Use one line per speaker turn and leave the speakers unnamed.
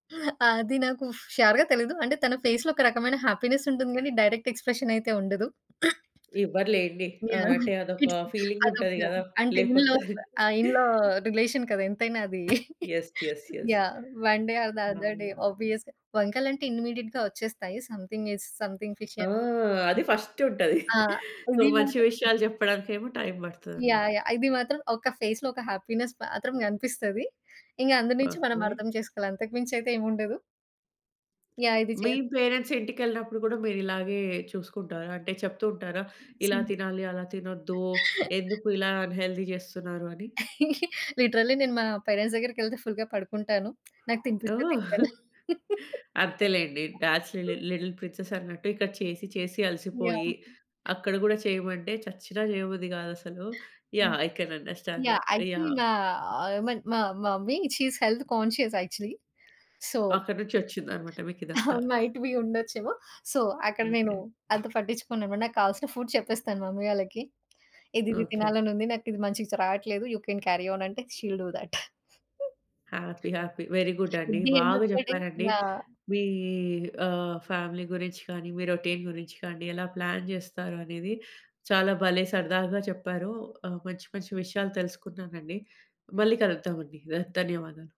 అది నాకు ష్యూర్‌గా తెలీదు. అంటే తన ఫేస్‌లో ఒక రకమైన హ్యాపీనెస్ ఉంటుంది కానీ డైరెక్ట్ ఎక్స్‌ప్రెషనయితే ఉండదు.
ఇవ్వరులేండి. ఆహ్,
యాహ్!
అంటే అదొక
కిడ్స్
ఫీలింగ్
అదొక
ఉంటది కదా!
అంటే ఇన్‌లాస్
లేపొద్దని.
ఆహ్, ఇన్‌లా రిలేషన్ కదా! ఎంతైనా అది.
Yes. Yes. Yes.
Yeah! One day or the other day
అవును.
ఆబ్వియస్‌గా వంకలంటే ఇమ్మీడియేట్‌గా వచ్చేస్తాయి. Something is something fishy
oh! అది ఫస్టుంటది.
ఆ!
సో, మంచి విషయాలు చెప్పడానికేమో టైమ్
యాహ్!
పడతదన్నమాట.
యాహ్! ఇది మాత్రం ఒక ఫేస్‌లో ఒక హ్యాపీనెస్ మాత్రం కనిపిస్తది. ఇంగ అందు నుంచి మనం
ఓకే.
అర్థం చేసుకోవాలి. అంతకు మించి అయితే ఏముండదు. యాహ్! ఇది చే
మీ పేరెంట్స్ ఇంటికెళ్ళినప్పుడు గూడా మీరిలాగే చూసుకుంటారా? అంటే చెప్తూ ఉంటారా? ఇలా
సరే.
తినాలి, అలా తినొద్దు ఎందుకు ఇలా అన్‌హెల్తీ చేస్తున్నారు అని?
లిటరల్లీ నేను మా పేరెంట్స్ దగ్గరికెళ్తే ఫుల్‌గా పడుకుంటాను. నాకు తినిపిస్తే
ఓహ్!
తింటాను.
అంతేలేండి. డాడ్స్ లీ లిటిల్ ప్రిన్సెస్ అన్నట్టు ఇక్కడ చేసి, చేసి అలసిపోయి
యాహ్!
అక్కడ గూడా చేయమంటే చచ్చిన చేయబుద్ది గాదసలు.
హ్మ్.
Yeah! I can understand
yeah!
That.
Actually
yeah!
నా ఐ మీన్ మా mummy she is health conscious actually. So
అక్కడి నుంచొచ్చిందనమాట మీకీదంతా.
మైట్ బీ ఉండొచ్చేమో! సో, అక్కడ నేను
ఓకే.
అంత పట్టించుకోను. నాకు కావాల్సిన ఫుడ్ చెప్పేస్తాను మమ్మీ వాళ్ళకి. ఇదిది
ఓకే.
తినాలనుంది నాకు ఇది మంచిగా స్ రాట్లేదు యూ కెన్ క్యారి ఆన్ అంటే she will do that.
Happy happy. Very good అండి.
కుడ్ బి ఎండ్
బాగా
ఆఫ్ ద డే
చెప్పారండి.
యాహ్!
మీ ఆహ్, ఫ్యామిలీ గురించి గానీ మీ రొటీన్ గురించి గానీ ఎలా ప్లాన్ జేస్తారు అనేది. చాలా భలే సరదాగా చెప్పారు. ఆహ్, మంచి మంచి విషయాలు తెలుసుకున్నానండి మళ్ళీ కలుద్దాం అండి. ద ధన్యవాదాలు.